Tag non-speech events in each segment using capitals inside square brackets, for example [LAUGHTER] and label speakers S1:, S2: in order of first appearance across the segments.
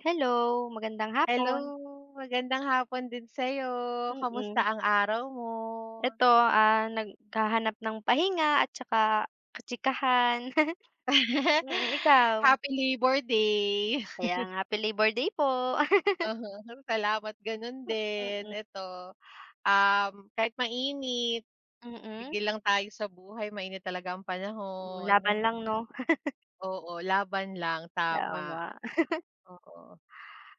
S1: Hello magandang hapon.
S2: Hello, magandang hapon din sa'yo. Kamusta
S1: Mm.
S2: ang araw mo?
S1: Eto, ah, naghahanap ng pahinga at saka kachikahan. [CHUCKLES]
S2: [CHUCKLES]
S1: Mm, ikaw?
S2: Happy Labor Day.
S1: Kaya nga, Happy Labor Day po. [LAUGHS]
S2: Aha, salamat gano'n
S1: Hmm,
S2: din,
S1: mm.
S2: eto, um, kahit mainit
S1: Mm.
S2: sigel lang tayo sa buhay, mainit talaga ang
S1: Hmm,
S2: panahon.
S1: laban lang 'no. [CHUCKLES]
S2: Oo, laban lang, tama,
S1: Tama. [CHUCKLES]
S2: oo.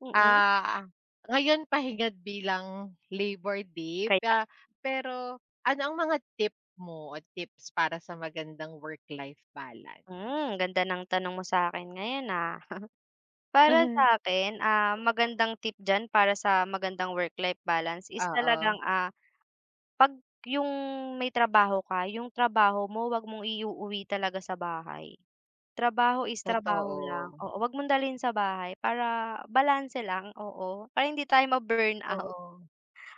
S1: Mm.
S2: Ah, ngayon pahingat bilang Labor Day,
S1: Kaya.
S2: ah, pero ano ang mga tip mo at tips para sa magandang work life balance?
S1: Hmm, ganda ng tanong mo sa'kin ngayon, ah. [CHUCKLES] Para
S2: [CHUCKLES]
S1: sa'kin, ah, magandang tip diyan para sa magandang work-life balance is
S2: Oo.
S1: talagang, ah, 'pag yung may trabaho ka, yung trabaho mo 'wag mong iuuwi talaga sa bahay. Trabaho is trabaho lang,
S2: Totoo.
S1: oo, 'wag mong dalhin sa bahay para balanse lang, oo para hindi tayo ma-burnout.
S2: Oo.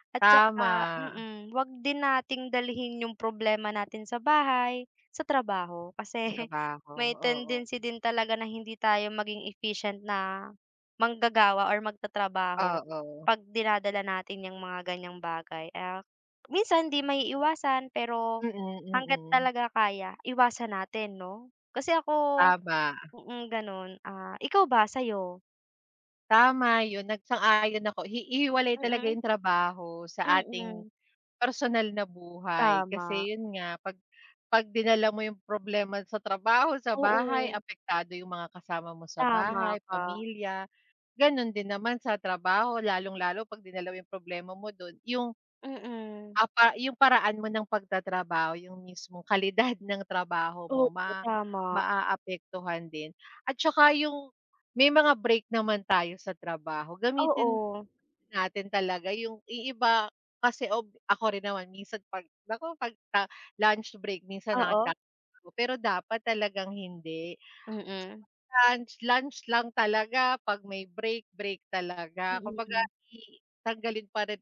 S1: At
S2: Tama.
S1: saka, mm, 'wag din nating dalhin yung problema natin sa bahay, sa trabaho
S2: Sa
S1: kasi
S2: trabaho,
S1: may
S2: oo.
S1: tendency din talaga na hindi tayo maging efficient na manggagawa or magtatrabaho
S2: Oo.
S1: 'pag dinadala natin yang mga gan'yang bagay at minsan hindi maiiwasan pero
S2: Mm,
S1: hanggat
S2: mm.
S1: talaga kaya iwasan natin, 'no? Kasi ako
S2: Tama.
S1: mm, gano'n. Ah, ikaw ba sa'yo?
S2: Tama yun, nag sang-ayon ako, hi hihiwalay talaga
S1: Mm,
S2: yung trabaho sa ating
S1: mm.
S2: personal na buhay,
S1: Tama.
S2: kasi yun nga, pag pag dinala mo yung problema sa trabaho sa bahay,
S1: Oo.
S2: apektado yung mga kasama mo sa
S1: Tama
S2: bahay,
S1: ka.
S2: pamilya. Ganun din naman sa trabaho, lalong-lalo pagdinala mo yung problema mo dun, yung,
S1: Mm.
S2: ah, pa yung paraan mo ng pagtatrabaho, yung mismong kalidad ng trabaho mo,
S1: Oo,
S2: ma
S1: tama.
S2: maaapektuhan din. At tsaka yung may mga break naman tayo sa trabaho, gamitin
S1: Oo.
S2: natin talaga yung iiba kasi ako rin naman minsan pag ako ta lunch break, minsan nag
S1: Oo.
S2: [UNINTELLIGIBLE] pero dapat talagang hindi.
S1: Mm.
S2: 'Pag lunch, lunch lang talaga, pag may break, break talaga, kumbaga
S1: Mm.
S2: i tanggalin pa rin,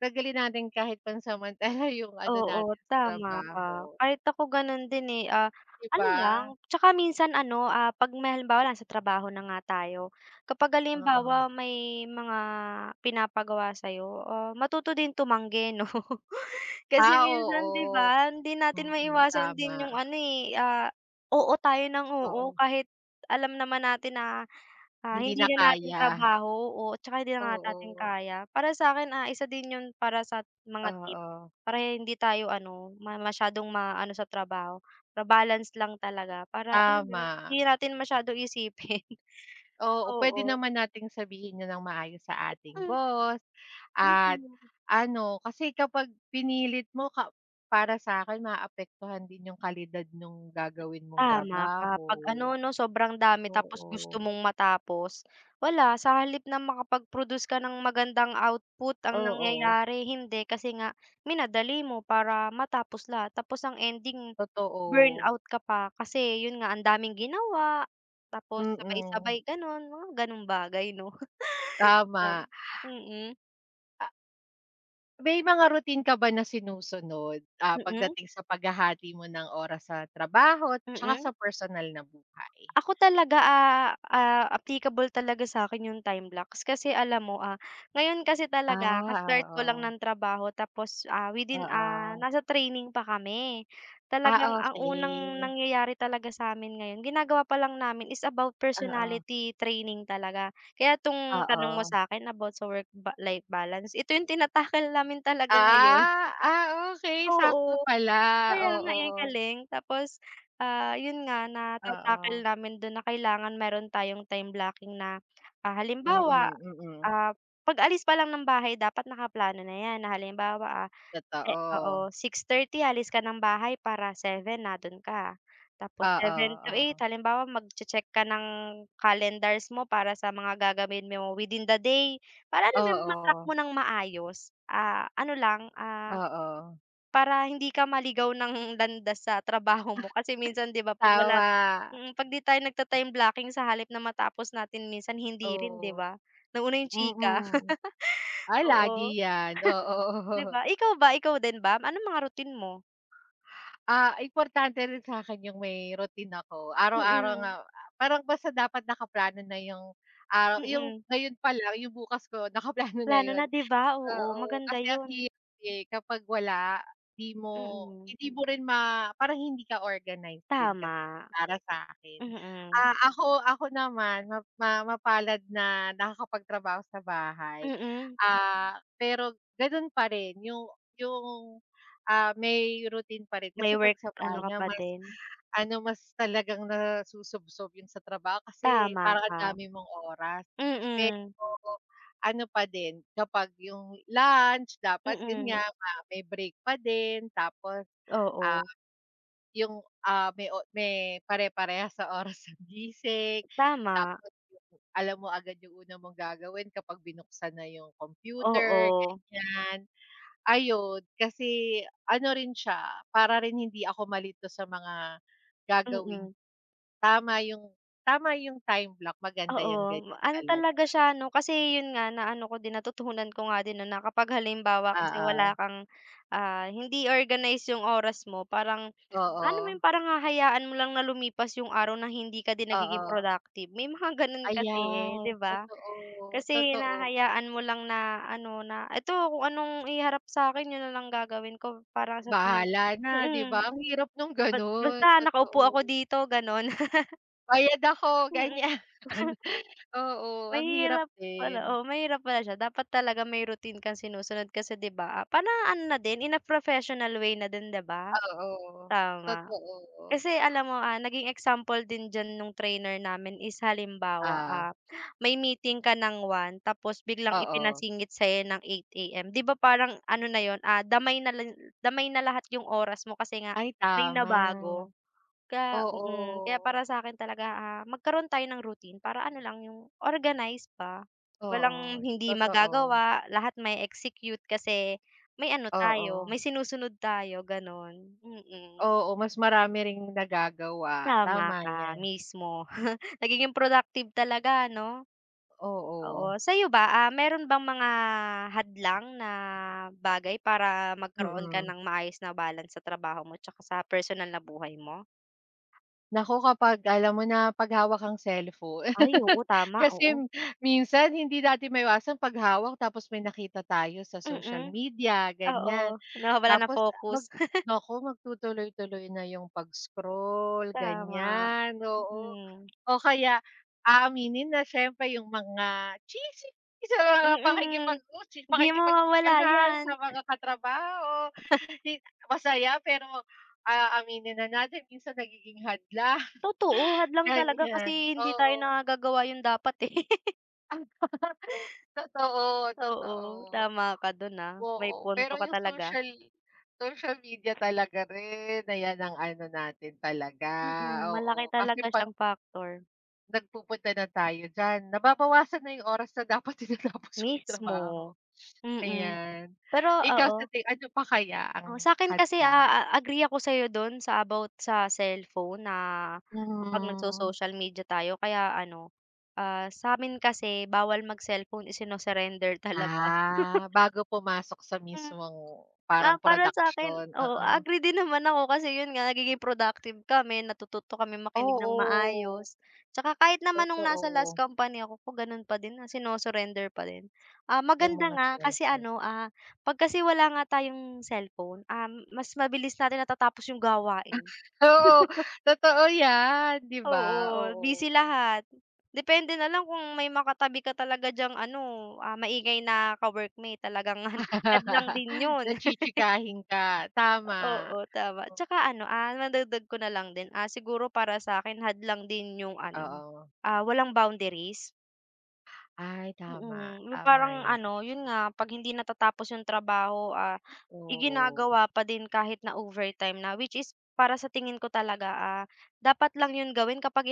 S2: taggalin natin kahit pansamantala yung ano
S1: Oo
S2: natin sa
S1: tama ka,
S2: trabaho.
S1: kahit ako ganon din, eh, ah
S2: 'Di
S1: ano lang,
S2: ba.
S1: tsaka minsan ano, ah, pag may halimbawa lang sa trabaho na nga tayo, kapag
S2: Oo.
S1: halimbawa may mga pinapagawa sa'yo, ah, matuto din tumanggi, 'no, kasi
S2: Ah,
S1: minsan, 'di
S2: oo.
S1: ba. Hindi natin
S2: Mm,
S1: maiwasan din yung
S2: tama.
S1: ano, eh, ah oo tayo ng oo,
S2: Oo.
S1: kahit alam naman natin na, ah,
S2: Hindi
S1: hindi
S2: na
S1: na natin
S2: kaya.
S1: trabaho o tsaka hindi na nga natin
S2: Oo.
S1: kaya. Para sa'kin, ah, isa din yun para sa mga tip
S2: Oo.
S1: para hindi tayo, ano, masyadong maano sa trabaho, pa-balance lang talaga para alam mo,
S2: Tama.
S1: hindi natin masyadong isipin
S2: Oo, pwede
S1: oo.
S2: naman nating sabihin 'yon ng maayos sa ating
S1: Mm.
S2: boss at,
S1: Mm.
S2: ano, kasi kapag pinilit mo ka para sa'kin, maapektuhan din yung kalidad nong gagawin mong
S1: Tama ka,
S2: trabaho
S1: 'pag, ano no, sobrang dami tapos gusto
S2: oo.
S1: mong matapos, wala, sa halip na makapag-produce ka ng magandang output, ang
S2: Oo.
S1: nangyayari hindi, kasi nga minadali mo para matapos lahat, tapos ang ending
S2: Totoo.
S1: burnout ka pa, kasi yun nga, ang daming ginawa tapos
S2: Mm.
S1: sabay-sabay ganon, mga ganong bagay 'no, kaw
S2: Tama.
S1: mm.
S2: A May mga routine ka ba na sinusunod, ah,
S1: Mm.
S2: pagdating sa paghahati mo ng oras sa trabaho at saka sa
S1: Mm.
S2: personal na buhay?
S1: Ako talaga, ah, ah, applicable talaga sa'kin yung time blocks kasi alam mo, ah, ngayon kasi talaga
S2: Ah,
S1: ka-start ko lang
S2: oo.
S1: ng trabaho tapos, ah, within, ah,
S2: Oo.
S1: nasa training pa kami talagang
S2: Ah,
S1: ang unang
S2: okey.
S1: nangyayari talaga samin ngayon ginagawa pa lang namin is about
S2: Oo.
S1: personality training talaga. Kaya tong tanong mo
S2: Oo.
S1: sa'kin about sa work ba life balance ito yung tinatackle namin talaga ngayon.
S2: Ah, ah, okey
S1: Oo,
S2: sakto pala,
S1: kaya nga eh, ang
S2: oo.
S1: galing tapos, ah, yun nga nata-tackle
S2: Oo.
S1: namin don na kailangan meron tayong time blocking na, ah, halimbawa,
S2: Mm, mm.
S1: ah, pag-alis pa lang ng bahay dapat nakaplano na 'yan, na halimbawa, ah, si
S2: Totoo.
S1: oo, 6:30 alis ka ng bahay para 7 nandoon ka, tapos
S2: Oo,
S1: 7:00-8:00
S2: oo.
S1: halimbawa, mag-che-check ka ng calendars mo para sa mga gagawin mo within the day, para, alam mo yun, ma-track
S2: Oo.
S1: mo nang maayos, ah, ano, lang, ah,
S2: Oo.
S1: para hindi ka maligaw ng landas sa trabaho mo kasi minsan, 'di ba, 'pag wala
S2: Tama.
S1: mm, 'pag 'di tayo nagta-time blocking sa halip na matapos natin minsan hindi rin, 'di
S2: Oo.
S1: ba, nauna yung chika,
S2: Mm.
S1: [CHUCKLES]
S2: Ay lagi
S1: oo.
S2: 'yan, oo.
S1: [CHUCKLES] 'Di
S2: [CHUCKLES]
S1: ba? Ikaw ba, ikaw din ba anong mga routine mo?
S2: Ah, importante rin sa'kin yung may routine ako, araw-araw nga
S1: Mm.
S2: ah, parang basta dapat nakaplano na yung araw yung
S1: Mm.
S2: ngayon palang, yung bukas ko, nakaplano na
S1: Plano
S2: yun.
S1: na, 'di ba? Oo,
S2: Oo,
S1: maganda
S2: kasi ang
S1: yun.
S2: hirap, eh, kapag wala, 'di mo
S1: Mm.
S2: hindi mo rin ma parang hindi ka organize din kasi,
S1: Tama.
S2: para sa'kin.
S1: Mm.
S2: Ah, ako ako naman map ma mapalad na nakakapagtrabaho sa bahay.
S1: Mm.
S2: Ah, pero ganun parin yung yung, ah, may routine pa rin,
S1: May
S2: kasi 'pag
S1: work
S2: sa bahay
S1: ano ka
S2: nga
S1: pa
S2: mas
S1: din.
S2: ano, mas talagang nasusubsob yun sa trabaho kasi,
S1: Tama
S2: parang ang
S1: ka.
S2: dami mong oras. Eh
S1: Mm.
S2: oo, ano pa din kapag yung lunch dapat yun nga,
S1: Mm.
S2: may break pa din tapos, ah,
S1: Oo.
S2: yung, ah, may o may pare-parehas sa oras ng gising,
S1: Tama.
S2: tapos [UNINTELLIGIBLE] alam mo agad yung una mong gagawin kapag binuksan na yung computer,
S1: Oo.
S2: ganiyan. Ayun, kasi ano rin siya, para rin hindi ako malito sa mga gagawing
S1: Mm.
S2: tama yung tama yung time block, maganda
S1: Oo.
S2: yan ganiyan
S1: Ano
S2: talaga.
S1: talaga siya 'no, kasi yun nga na ano ko din, natutunan ko nga din, 'no, na kapag halimbawa kasi wala
S2: Oo.
S1: kang, ah hindi organize yung oras mo parang, alam mo
S2: Oo.
S1: yun, parang hahayaan mo lang na lumipas yung araw na hindi ka din nagiging
S2: Oo.
S1: productive, may mga ganun kasi, eh,
S2: Ayan.
S1: 'di ba?
S2: Totoo,
S1: Kasi
S2: totoo.
S1: hinahayaan mo lang na ano, na eto kung anong iharap sakin yun na lang gagawin ko, para sa tingin
S2: Bahala na, 'di ba?
S1: mm.
S2: Ang hirap nung
S1: Ba
S2: ganun.
S1: basta nakaupo ako
S2: Totoo.
S1: dito ganun.
S2: Bayad
S1: [LAUGHS]
S2: ako
S1: Mm.
S2: ganiyan.
S1: [CHUCKLES]
S2: Oo, ang hirap
S1: Mahirap pala
S2: din.
S1: oo, mahirap pala siya, dapat talaga may routine kang sinusunod kasi, 'di ba? Para ano na din, in a professional way na din, 'di ba?
S2: Oo.
S1: Tama.
S2: Totoo.
S1: Kasi alam mo, ah, naging example din diyan nung trainer namin is halimbawa,
S2: Ah.
S1: ah, may meeting ka ng 1:00 tapos biglang
S2: Oo.
S1: ipinasingit sa'yo ng 8:00 AM, 'di ba parang ano na 'yon, ah, damay na la damay na lahat yung oras mo kasi nga,
S2: Ay,
S1: may
S2: tama.
S1: nabago. Ka mm, kaya
S2: Oo.
S1: para sa akin talaga, ah, magkaroon tayo ng routine para ano lang yung organize ba.
S2: Oo.
S1: Walang hindi
S2: Totoo.
S1: magagawa, lahat mae-execute kasi may ano tayo,
S2: Oo.
S1: may sinusunod tayo, gano'n, mm.
S2: Oo. Mas marami ring nagagawa.
S1: Tama
S2: Tama
S1: ka.
S2: yan.
S1: Mismo. [CHUCKLES] Nagiging productive talaga no?
S2: Oo.
S1: Oo. Sa'yo ba, ah, meron bang mga hadlang na bagay para magkaroon ka
S2: Mm.
S1: ng maayos na balance sa trabaho mo, 'tsaka sa personal na buhay mo?
S2: Naku kapag, alam mo na, 'pag hawak ang cellpho
S1: Ay,
S2: [CHUCKLES]
S1: oo, tama,
S2: kasi,
S1: oo.
S2: minsan hindi natin maiwasan 'pag hawak tapos may nakita tayo sa social
S1: Mm,
S2: media, ganyan,
S1: oo. Nawawala na
S2: tapos, mag
S1: focus. [CHUCKLES]
S2: naku magtutuloy-tuloy na yung pag-scroll,
S1: Tama,
S2: ganyan. Oo,
S1: mm.
S2: o kaya aaminin na siyempre yung mga chismis sa mga
S1: Mm,
S2: pakikipag-u chi
S1: hindi mawawala
S2: pakikipag-chikahan sa
S1: yan.
S2: mga katrabaho,
S1: [CHUCKLES]
S2: 'di masaya pero, ah, aminin na natin minsan nagiging hadlang.
S1: Totoo,
S2: [CHUCKLES]
S1: hadlang talaga
S2: Ganyan,
S1: kasi hindi tayo
S2: oo.
S1: nakagagawa yung dapat, eh. [LAUGHS]
S2: Ah. [CHUCKLES] Totoo,
S1: Oo,
S2: totoo.
S1: tama ka do'n, ah. May
S2: Oo.
S1: punto
S2: Pero
S1: ka
S2: yung
S1: talaga.
S2: social social media talaga rin, ayan ang ano natin talaga,
S1: Mm, malaki
S2: oo, kasi
S1: talaga
S2: 'pag
S1: siyang factor.
S2: nagpupunta na tayo diyan, nababawasan na yung oras na dapat tinatapos mo yung trabaho.
S1: Mismo. Mm,
S2: Ayan.
S1: pero
S2: Ikaw sa
S1: oo.
S2: ti ano pa kaya
S1: Oh,
S2: ang
S1: sa'kin kasi, ah,
S2: hadlang?
S1: a a agree ako sa'yo do'n, sa about sa cellphone na, kapag
S2: Hmm.
S1: nag-so-social media tayo, kaya ano, ah, sa'min kasi bawal mag-cellphone, isinu-surrender talaga.
S2: Ah,
S1: [CHUCKLES]
S2: bago pumasok sa
S1: Hmm,
S2: mismong, parang
S1: ah, para sa'kin,
S2: production,
S1: oo, a
S2: oo.
S1: agree din naman ako kasi, 'yon nga, nagiging productive kami, natututo kaming makinig ng
S2: Oo.
S1: maayos, 'tsaka kahit naman no'ng nasa last
S2: Totoo.
S1: company ako ko, gano'n pa din na, sinu-surrender pa din. Ah,
S2: Yung
S1: maganda
S2: mga
S1: nga kasi
S2: cellphone.
S1: ano, ah, 'pag kasi wala nga tayong cellphone, um, mas mabilis natin natatapos yung
S2: Ah.
S1: gawain.
S2: Oo,
S1: [CHUCKLES]
S2: totoo yan, 'di ba?
S1: Oo, busy
S2: Oo.
S1: lahat. Depende na lang kung may makatabi ka talaga diyang ano, ah, maingay na ka-workmate talagang han hadlang
S2: [LAUGHS]
S1: din 'yon.
S2: Na
S1: [CHUCKLES]
S2: chichikahin ka.
S1: O
S2: Tama.
S1: oo, tama,
S2: O
S1: tsaka ano, ah, madagdag ko na lang din, ah, siguro para sa'kin hadlang din yung ano,
S2: Oo.
S1: ah, walang boundaries.
S2: Ay tama,
S1: Mm, 'yung
S2: tama
S1: parang
S2: 'yan.
S1: ano, 'yun nga, 'pag hindi natatapos 'yong trabaho, ah,
S2: Oo.
S1: iginagawa pa din kahit na overtime na. Which is para sa tingin ko talaga, ah, dapat lang 'yun gawin kapag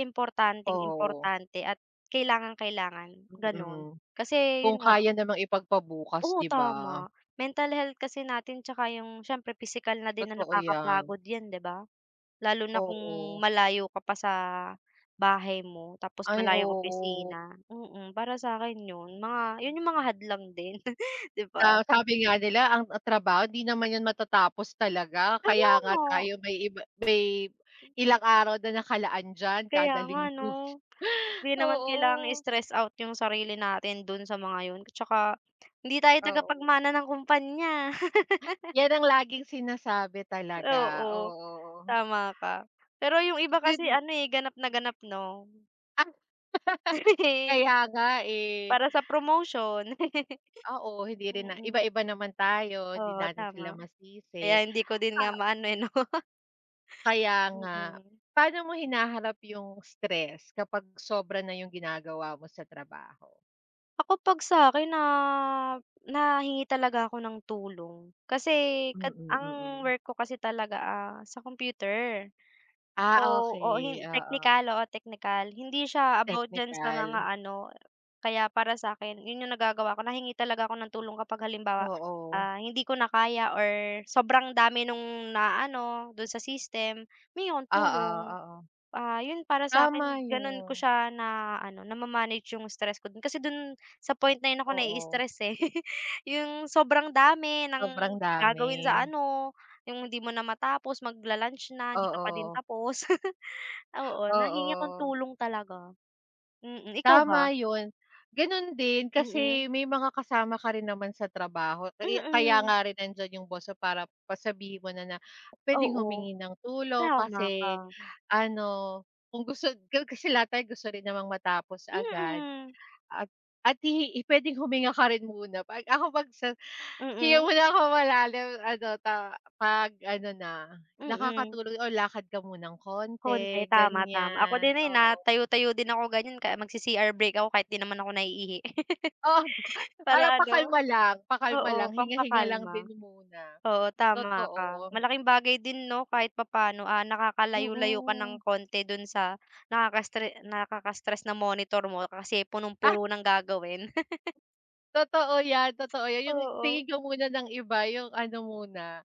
S2: Oo.
S1: importanteng-importante at kailangang-kailangan, gano'n.
S2: Mm,
S1: Kasi
S2: kung
S1: 'yun nga
S2: kaya namang ipagpabukas
S1: Oh,
S2: 'di ba?
S1: tama, mental health kasi natin tsaka 'yung siyempre pisikal na din na
S2: Totoo 'yan.
S1: nakakapagod 'yan, 'di ba. Lalo na kung
S2: Oo.
S1: malayo ka pa sa bahay mo, tapos
S2: Ay,
S1: malayong
S2: oo.
S1: opisina, mm, para sa'kin 'yun, mga 'yun, 'yung mga hadlang din, [CHUCKLES] 'di ba.
S2: Sa sabi nga nila, ang trabaho 'di naman 'yun matatapos talaga,
S1: Kaya
S2: kaya nga
S1: nga.
S2: tayo may iba may ilang araw na nakalaan diyan
S1: Kaya
S2: kada
S1: nga
S2: linggo,
S1: ano. Hindi naman kailangang
S2: oo.
S1: i-stress out 'yung sarili natin do'n sa mga 'yun, tsaka hindi tayo
S2: Oo.
S1: tagapagmana ng kumpanya. [LAUGHS]
S2: 'Yan ang laging sinasabi talaga,
S1: Oo,
S2: oo.
S1: tama ka. Pero 'yung iba kasi
S2: [UNINTELLIGIBLE]
S1: ano, eh, ganap na ganap 'no.
S2: Ah! [CHUCKLES]
S1: [GIGGLES]
S2: Kaya nga, eh.
S1: Para sa promotion, [GIGGLES]
S2: Oo, hindi rin na
S1: mm.
S2: iba-iba naman tayo, 'di
S1: Oo,
S2: natin sila
S1: tama,
S2: masisi,
S1: kaya hindi ko din nga
S2: ah
S1: maano, eh, no. [CHUCKLES]
S2: Kaya nga,
S1: Mm.
S2: paano mo hinaharap 'yung stress kapag sobra na 'yung ginagawa mo sa trabaho?
S1: Ako, 'pag sa akin na nahingi talaga ako ng tulong, kasi
S2: Mm,
S1: kad ang
S2: mm.
S1: work ko kasi talaga, ah, sa computer.
S2: Ah,
S1: So, oo,
S2: okey,
S1: hin
S2: oo.
S1: technical, oo, technical, hindi siya about diyan sa mga
S2: Technical.
S1: ano kaya para sa akin, 'yun 'yung nagagawa ko, nahingi talaga ako ng tulong kapag halimbawa,
S2: Oo.
S1: ah, hindi ko na kaya, or sobrang dami nung naano do'n sa system, humihingi akong
S2: Oo,
S1: tulong.
S2: oo.
S1: Ah, 'yon, para sa
S2: Tama,
S1: akin gano'n ko
S2: 'yun.
S1: siya na ano, nama-manage 'yong stress ko, kasi do'n sa point na ako
S2: Oo.
S1: nai-stress, eh. [CHUCKLES] 'Yong sobrang dami ng
S2: Sobrang dami.
S1: gagawin sa ano, 'yung hindi mo na matapos, magla-lunch na hindi ka pa din
S2: Oo.
S1: tapos. [CHUCKLES] Oo, nahingi ako ng
S2: Oo.
S1: tulong talaga, mm. Ikaw
S2: Tama
S1: ba?
S2: 'yun. Gano'n din, kasi
S1: Mm.
S2: may mga kasama ka rin naman sa trabaho, kaya kaya
S1: Mm.
S2: nga rin nandiyan 'yung boss mo para pa sabihin mo na na puwedeng
S1: Oo,
S2: humingi ng tulong,
S1: tama
S2: kasi
S1: ka.
S2: ano, kung gusto ko kasi lahat tayo gusto rin namang matapos agad,
S1: Mm.
S2: at at hi puwedeng huminga ka rin muna. 'Pag ako, 'pag sa hinga
S1: Mm.
S2: muna ako malalim, ano ta pag-ano na,
S1: Mm.
S2: nakakatulong o lakad ka munang konti
S1: Konti, tama, tama. Ako
S2: ganiyan,
S1: din, eh,
S2: oo.
S1: natayo-tayo din ako ganiyan, kaya magsi CR break ako kahit 'di naman ako naiihi.
S2: Oo,
S1: [CHUCKLES] Para
S2: para
S1: ano
S2: pakalma lang pakalma
S1: oo,
S2: lang, hinga-hinga lang
S1: pampakalma.
S2: din muna,
S1: Oo, tama ka,
S2: totoo.
S1: malaking bagay din 'no, kahit papaano, ah, nakakalayo-layo ka ng
S2: Mm.
S1: konti do'n sa nakaka-stre nakaka-stress na monitor mo, kasi
S2: Ah.
S1: punong-puno ng gagawin. [CHUCKLES]
S2: Totoo 'yan, totoo 'yan, 'yung
S1: Oo.
S2: tingin ko muna ng iba 'yung ano muna,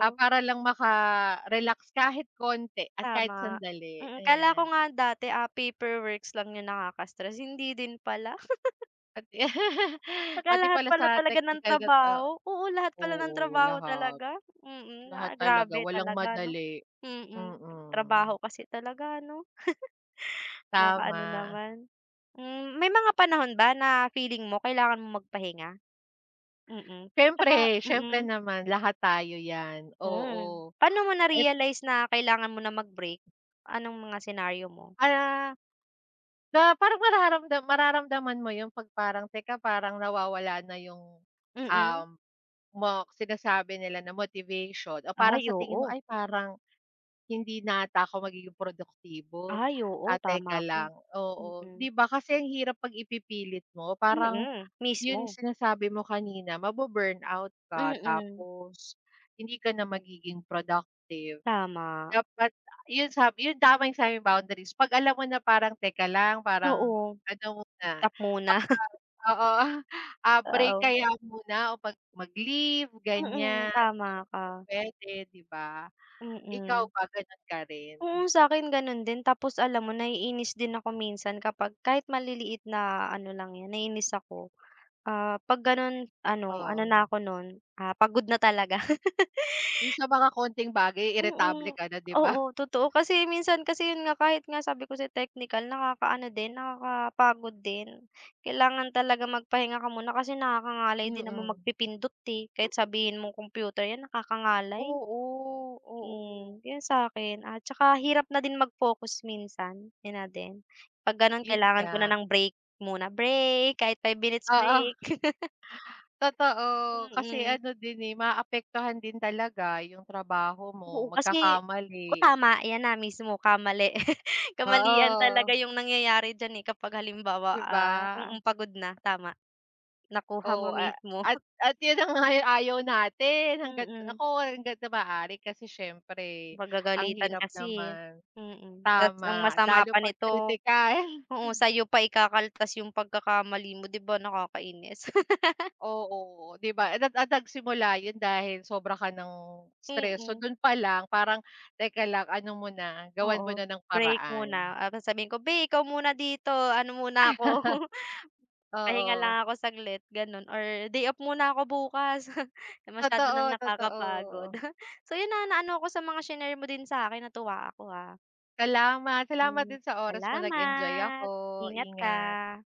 S2: ah, para lang maka-relax kahit konti at kahit
S1: Tama,
S2: sandali,
S1: mm, akala ko
S2: ayan.
S1: nga dati, ah, paperworks lang 'yung nakaka-stress, hindi din pala. [GIGGLES]
S2: At [CHUCKLES]
S1: Saka
S2: pati
S1: lahat
S2: pala
S1: pala
S2: sa
S1: talaga ng
S2: teknikal gat oh
S1: trabaho oo, lahat pala ng
S2: oo,
S1: trabaho
S2: lahat.
S1: talaga, mm,
S2: Lahat
S1: ah,
S2: talaga
S1: grabe
S2: walang
S1: talaga ano
S2: madali
S1: mm. 'Pag
S2: mm.
S1: trabaho kasi talaga ano? [GIGGLES] Makaano
S2: Tama.
S1: naman. Hmm, may mga panahon ba na feeling mo kailangan mong magpahinga? Mm, 'tsaka
S2: Siyempre, siyempre
S1: mm.
S2: naman, lahat tayo 'yan,
S1: Mm.
S2: oo.
S1: Pa'no mo
S2: At
S1: na-realize na kailangan mo nang mag break? Anong mga senaryo mo?
S2: Ah, sa parang nararamdam mararamdaman mo yung 'pag parang teka parang nawawala na yung,
S1: Mm.
S2: um, mok sinasabi nila na motivation o parang
S1: Ay,
S2: sa tingin mo,
S1: oo.
S2: "Ay, parang, hindi na ata ako magiging produktibo,
S1: Ay, oo.
S2: at teka
S1: Tama ka.
S2: lang", oo,
S1: Mm.
S2: 'di ba? Kasi ang hirap 'pag ipipilit mo. Parang
S1: Mm,
S2: yun
S1: mismo.
S2: sinasabi mo kanina mabu-burnout ka,
S1: Mm.
S2: tapos hindi ka na magiging productive.
S1: Tama.
S2: Dapat yun sab yung tama yung sinabi mong boundaries 'pag alam mo na parang, teka lang parang
S1: Oo.
S2: ano na,
S1: Stop muna.
S2: parang
S1: [CHUCKLES]
S2: oo, ah, break
S1: Oo.
S2: kaya muna, o 'pag mag-leave,
S1: Mm,
S2: ganyan kung
S1: tama ka.
S2: pupwede, 'di ba? Ikaw
S1: Mm.
S2: ba, ganon ka rin?
S1: Oo, sa'kin ganun din, tapos alam mo naiinis din ako minsan kapag kahit maliliit na ano lang yan naiinis ako. Ah, 'pag ganun ano ano na
S2: Oo.
S1: ako nun, ah, pagod na talaga.
S2: Eh,
S1: [GIGGLES]
S2: sa mga konting bagay iritable
S1: Mm.
S2: ka na, 'di ba? [SCOFFS]
S1: Oo, totoo. Kasi minsan kasi yun nga kahit nga sabi ko sa'yo teknikal nakaka-ano din nakaka-pagod din. Kailangan talaga magpahinga ka muna kasi nakakangalay din naman
S2: Mm.
S1: magpipindot, eh. Kahit sabihin mong computer yan, nakakangalay.
S2: Oo, oo.
S1: Hmm, yun sa'kin, at saka hirap na din mag-focus minsan, yun na din. 'Pag ganun
S2: 'Yun
S1: kailangan ko na
S2: nga.
S1: ng break muna, break kahit 5
S2: Oo.
S1: minutes
S2: [CHUCKLES]
S1: break. [CHUCKLES]
S2: Totoo. Kasi
S1: Mm.
S2: ano din, eh, maapektuhan din talaga yung trabaho
S1: Oo,
S2: mo,
S1: kasi oo,
S2: magkakamali.
S1: tama ayan na mismo kamali [CHUCKLES] kamalian
S2: Oo.
S1: talaga yung nangyayari diyan, eh, kapag halimbawa,
S2: 'Di
S1: ah
S2: ba?
S1: mm, pagod na, tama. Nakuha mo
S2: Oo, a
S1: mismo.
S2: at
S1: [CHUCKLES]
S2: at yun na nga ang ayaw natin, hangga't
S1: Mm.
S2: naku hanggat sa maaari, kasi siyempre ang
S1: Pagagalitan
S2: hirap
S1: kasi, eh,
S2: naman
S1: mm. Ta's ang
S2: tama,
S1: masama
S2: lalo
S1: pa
S2: 'pag
S1: nito
S2: kritikal.
S1: oo,
S2: [CHUCKLES]
S1: sa'yo pa ikakaltas yung pagkakamali mo, 'di ba nakakainis? [LAUGHS]
S2: Oo. 'Di ba [UNINTELLIGIBLE] simula yun dahil sobra ka nang stress. So
S1: Mm.
S2: dun pa lang parang, teka lang, ano muna, gawan muna
S1: Oo.
S2: ng
S1: Break muna,
S2: paraan.
S1: ah, sabihin ko, "Beh ikaw muna dito, ano muna ako,
S2: [CHUCKLES]
S1: [CHUCKLES] pahinga
S2: Oo.
S1: lang ako saglit", ganun, or, "Day off muna ako bukas, [CHUCKLES] masyado nang
S2: Totoo,
S1: nakakapagod."
S2: totoo.
S1: [CHUCKLES] So 'yun na ano ako sa mga shinare mo din sa akin, natuwa ako, ah.
S2: Salamat salamat din sa oras mo, nag enjoy ako,
S1: Salamat, ingat
S2: ingat.
S1: ka.